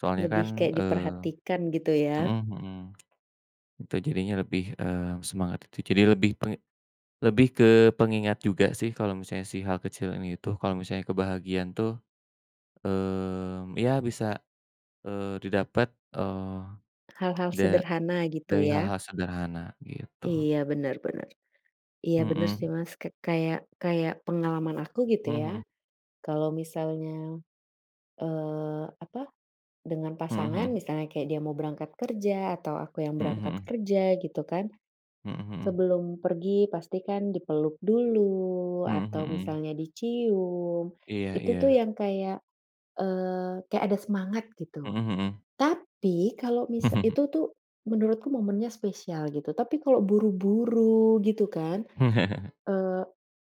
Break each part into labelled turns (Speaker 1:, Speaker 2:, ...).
Speaker 1: Soalnya kan,
Speaker 2: Lebih kayak
Speaker 1: eee
Speaker 2: diperhatikan gitu ya.
Speaker 1: mhm mhm. Itu jadinya lebih, eee, semangat itu jadi lebih ke lebih ke pengingat juga sih kalau misalnya si hal kecil ini tuh, kalau misalnya kebahagiaan tuh, eee, ya bisa, eee, didapat, eee,
Speaker 2: Hal-hal
Speaker 1: da
Speaker 2: sederhana gitu
Speaker 1: dari
Speaker 2: ya.
Speaker 1: hal-hal sederhana gitu.
Speaker 2: Iya, bener bener. Iya, bener sih
Speaker 1: Mhm.
Speaker 2: Mas k kayak kayak pengalaman aku gitu
Speaker 1: Mhm
Speaker 2: ya
Speaker 1: mhm.
Speaker 2: kalo misalnya, eee, apa dengan
Speaker 1: Mhm
Speaker 2: pasangan,
Speaker 1: mhm.
Speaker 2: misalnya kayak dia mau berangkat kerja, atau aku yang
Speaker 1: Mhm
Speaker 2: berangkat
Speaker 1: mhm.
Speaker 2: kerja gitu kan.
Speaker 1: Mhm mhm.
Speaker 2: Sebelum pergi pasti kan dipeluk dulu,
Speaker 1: Mhm
Speaker 2: atau
Speaker 1: mhm.
Speaker 2: misalnya dicium,
Speaker 1: Iya
Speaker 2: itu tuh
Speaker 1: iya.
Speaker 2: yang kayak, eee, kayak ada semangat gitu.
Speaker 1: Mhm mhm.
Speaker 2: Tapi kalau misal itu tuh menurutku momennya spesial gitu, tapi kalau buru-buru gitu kan, eee,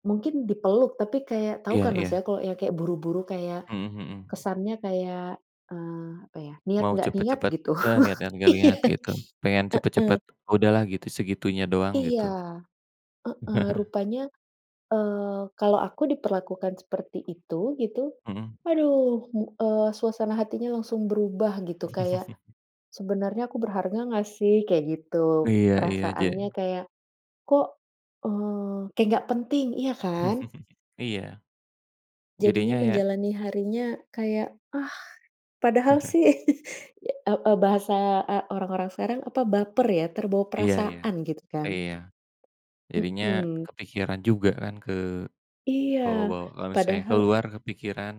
Speaker 2: mungkin dipeluk, tapi kayak tahu
Speaker 1: Iya
Speaker 2: kan Mas
Speaker 1: iya.
Speaker 2: ya, kalau yang kayak buru-buru kayak,
Speaker 1: Mhm mhm.
Speaker 2: kesannya kayak, eee, apa ya, niat
Speaker 1: Mau
Speaker 2: nggak niat
Speaker 1: cepet-cepet,
Speaker 2: gitu,
Speaker 1: eee, lihat-lihat, gak
Speaker 2: iya,
Speaker 1: lihat gitu, pengen
Speaker 2: heeh.
Speaker 1: cepet-cepet udahlah gitu, segitunya doang
Speaker 2: Iya,
Speaker 1: gitu.
Speaker 2: heeh, rupanya, eee, kalau aku diperlakukan seperti itu, gitu,
Speaker 1: Mhm.
Speaker 2: aduh mu eee, suasana hatinya langsung berubah gitu, kayak sebenarnya aku berharga nggak sih? Kayak gitu.
Speaker 1: Iya iya, je
Speaker 2: Perasaannya kayak, kok, eee, kayak nggak penting, iya kan?
Speaker 1: Iya,
Speaker 2: Jadinya
Speaker 1: jadinya ya
Speaker 2: menjalani harinya kayak, ah, padahal sih, e e bahasa, eee, orang-orang sekarang apa baper ya, terbawa
Speaker 1: Iya iya,
Speaker 2: perasaan gitu kan?
Speaker 1: iya, jadinya
Speaker 2: Mhm.
Speaker 1: kepikiran juga kan
Speaker 2: Iya,
Speaker 1: kebawa-bawa. Kalau misalnya
Speaker 2: padahal
Speaker 1: keluar kepikiran,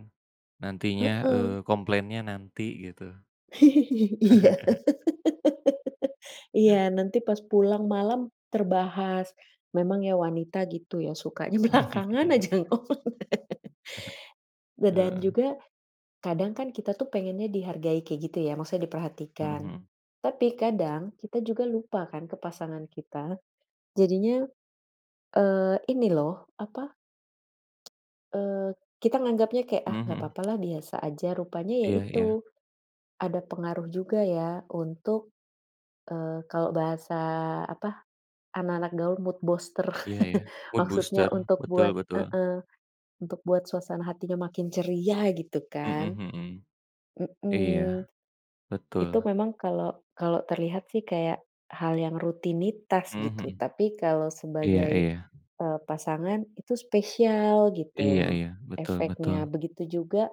Speaker 1: nantinya,
Speaker 2: Heeh.
Speaker 1: eee, komplainnya nanti gitu.
Speaker 2: Iya. Iya, nanti pas pulang malam, terbahas. Memang ya wanita gitu ya, sukanya belakangan aja ngomong. Da dan
Speaker 1: Heeh.
Speaker 2: juga kadang kan kita tuh pengennya dihargai kayak gitu ya, maksudnya
Speaker 1: Mhm
Speaker 2: diperhatikan.
Speaker 1: mhm.
Speaker 2: Tapi kadang kita juga lupa kan ke pasangan kita. Jadinya, eee, ini loh apa, eee, kita nganggapnya kayak, ah
Speaker 1: Mhm
Speaker 2: gak
Speaker 1: mhm.
Speaker 2: papa lah biasa aja, rupanya ya
Speaker 1: Iya iya.
Speaker 2: itu, ada pengaruh juga ya untuk, eee, kalau bahasa apa, anak-anak gaul mood booster,
Speaker 1: Iya, ya, mood
Speaker 2: maksudnya
Speaker 1: booster,
Speaker 2: untuk
Speaker 1: betul
Speaker 2: buat
Speaker 1: betul.
Speaker 2: heeh, untuk buat suasana hatinya makin ceria gitu
Speaker 1: Mhm
Speaker 2: kan.
Speaker 1: mhm. Iya.
Speaker 2: Mhm. Itu
Speaker 1: Betul.
Speaker 2: memang kalau kalau terlihat sih kayak hal yang rutinitas
Speaker 1: Mhm mhm.
Speaker 2: gitu. Tapi kalau
Speaker 1: Iya
Speaker 2: sebagai,
Speaker 1: iya.
Speaker 2: eee, pasangan itu spesial
Speaker 1: Iya
Speaker 2: gitu
Speaker 1: iya, betul
Speaker 2: efeknya.
Speaker 1: betul.
Speaker 2: Begitu juga,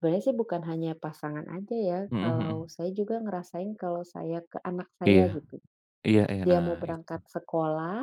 Speaker 2: sebenarnya sih bukan hanya pasangan aja ya,
Speaker 1: Mhm
Speaker 2: kalau
Speaker 1: mhm.
Speaker 2: saya juga ngerasain kalau saya ke anak
Speaker 1: Iya,
Speaker 2: saya gitu.
Speaker 1: iya iya,
Speaker 2: Dia
Speaker 1: nah
Speaker 2: mau
Speaker 1: itu.
Speaker 2: berangkat sekolah